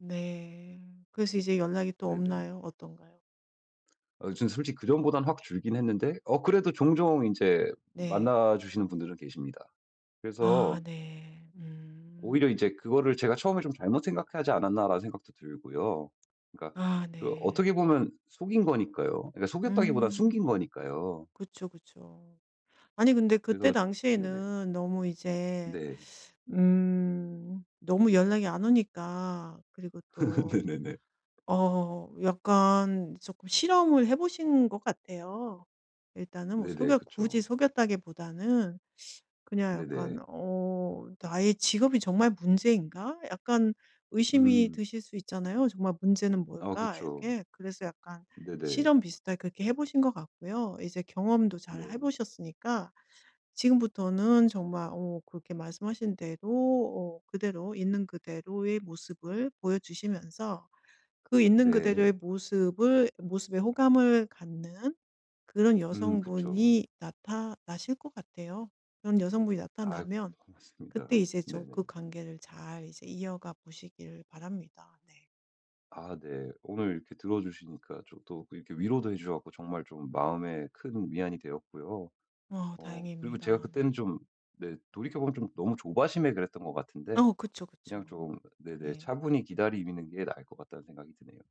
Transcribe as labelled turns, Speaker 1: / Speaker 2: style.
Speaker 1: 네. 그래서 이제 연락이 또
Speaker 2: 네네.
Speaker 1: 없나요? 어떤가요?
Speaker 2: 아 전 솔직히 그전보다는 확 줄긴 했는데 어 그래도 종종 인제
Speaker 1: 네.
Speaker 2: 만나 주시는 분들은 계십니다.
Speaker 1: 아
Speaker 2: 그래서
Speaker 1: 네. 음.
Speaker 2: 오히려 이제 그거를 제가 '처음에 좀 잘못 생각하지 않았나.'라는 생각도 들고요. 그러니까
Speaker 1: 아
Speaker 2: 그 어떻게
Speaker 1: 네.
Speaker 2: 보면 속인 거니까요. 그니까 속였다기보다는
Speaker 1: 음.
Speaker 2: 숨긴 거니까요.
Speaker 1: 그쵸, 그쵸. 아니 근데 그때
Speaker 2: 그래서 네네.
Speaker 1: 당시에는 너무 이제
Speaker 2: 네.
Speaker 1: 음 너무 연락이 안 오니까 그리고 또
Speaker 2: 네네네.
Speaker 1: 어 약간 쪼끔 실험을 해 보신 것 같아요. 일단은 뭐
Speaker 2: 네네.
Speaker 1: 속였 굳이
Speaker 2: 그쵸.
Speaker 1: 속였다기보다는 그냥
Speaker 2: 네네.
Speaker 1: 약간 어 나의 직업이 정말 문제인가 약간 의심이
Speaker 2: 음.
Speaker 1: 드실 수 있잖아요. 정말 문제는
Speaker 2: 아
Speaker 1: 뭘까
Speaker 2: 그쵸.
Speaker 1: 이렇게. 그래서 약간
Speaker 2: 네네.
Speaker 1: 실험 비슷하게 그렇게 해 보신 것 같고요. 이제 경험도 잘 해
Speaker 2: 네.
Speaker 1: 보셨으니까 지금부터는 정말 어 그렇게 말씀하신 대로 어 그대로 있는 그대로의 모습을 보여주시면서 그 있는
Speaker 2: 네.
Speaker 1: 그대로의 모습을 모습에 호감을 갖는 그런
Speaker 2: 음. 그쵸.
Speaker 1: 여성분이 나타나실 것 같아요. 그런 여성분이
Speaker 2: 아이고
Speaker 1: 나타나면
Speaker 2: 고맙습니다.
Speaker 1: 그때 이제 좀 그
Speaker 2: 네네.
Speaker 1: 관계를 잘 이제 이어가 보시기를 바랍니다. 네.
Speaker 2: 아 네. 오늘 이렇게 들어주시니까 저도 이렇게 위로도 해 주셔 가지고 정말 좀 마음에 큰 위안이 되었고요.
Speaker 1: 아
Speaker 2: 어 그리고
Speaker 1: 다행입니다.
Speaker 2: 제가 그때는
Speaker 1: 네.
Speaker 2: 좀 네 돌이켜보면 좀 너무 조바심에 그랬던 것 같은데
Speaker 1: 어. 그쵸,
Speaker 2: 그냥
Speaker 1: 그쵸.
Speaker 2: 좀 네네
Speaker 1: 네.
Speaker 2: 차분히 기다리는 게 나을 것 같다는 생각이 드네요.